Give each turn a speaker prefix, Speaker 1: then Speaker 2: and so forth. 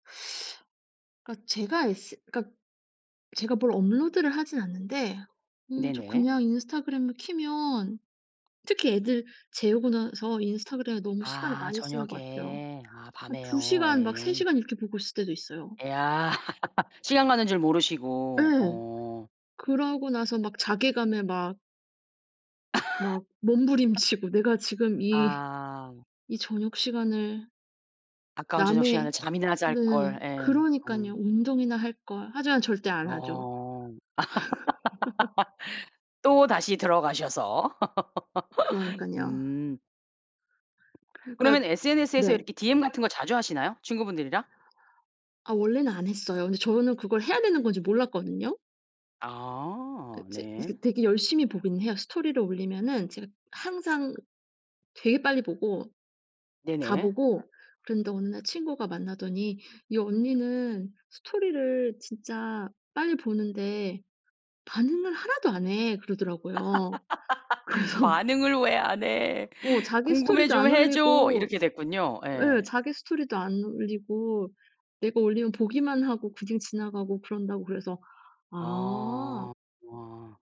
Speaker 1: 그니까 제가 인스 그니까 제가 뭘 업로드를 하진 않는데 어 저
Speaker 2: 네네.
Speaker 1: 그냥 인스타그램을 켜면 특히 애들 재우고 나서 인스타그램에 너무 시간을
Speaker 2: 아
Speaker 1: 많이 쓰는 것 같아요.
Speaker 2: 저녁에. 아
Speaker 1: 한 2
Speaker 2: 밤에요.
Speaker 1: 시간 막 3
Speaker 2: 예.
Speaker 1: 시간 이렇게 보고 있을 때도 있어요.
Speaker 2: 야. 시간 가는 줄 모르시고.
Speaker 1: 예.
Speaker 2: 어.
Speaker 1: 그러고 나서 막 자괴감에 막 막 몸부림치고 내가 지금 이,
Speaker 2: 아.
Speaker 1: 이 저녁시간을
Speaker 2: 아까운 저녁시간에
Speaker 1: 남의
Speaker 2: 잠이나 잘
Speaker 1: 네.
Speaker 2: 걸. 예.
Speaker 1: 그러니까요.
Speaker 2: 어.
Speaker 1: 운동이나 할걸. 하지만 절대 안 하죠.
Speaker 2: 어. 또 다시 들어가셔서.
Speaker 1: 그러니까요.
Speaker 2: 음.
Speaker 1: 그니까
Speaker 2: 그러면 SNS 에서
Speaker 1: 네.
Speaker 2: 이렇게 DM 같은 거 자주 하시나요? 친구분들이랑?
Speaker 1: 아 원래는 안 했어요. 근데 저는 그걸 해야 되는 건지 몰랐거든요.
Speaker 2: 아
Speaker 1: 그 이제
Speaker 2: 네.
Speaker 1: 이게 되게 열심히 보긴 해요. 스토리를 올리면은 제가 항상 되게 빨리 보고 다
Speaker 2: 네네.
Speaker 1: 보고 그랬는데 어느 날 친구가 만나더니 "이 언니는 스토리를 진짜 빨리 보는데 반응을 1도 안 해." 그러더라고요. 그래서
Speaker 2: "반응을 왜 안 해?
Speaker 1: 어 자기
Speaker 2: 궁금해
Speaker 1: 스토리도
Speaker 2: 좀
Speaker 1: 안
Speaker 2: 해줘."
Speaker 1: 올리고
Speaker 2: 이렇게 됐군요.
Speaker 1: 예
Speaker 2: 예.
Speaker 1: 자기 스토리도 안 올리고 "내가 올리면 보기만 하고 그냥 지나가고 그런다."고 그래서 아
Speaker 2: 어. 아.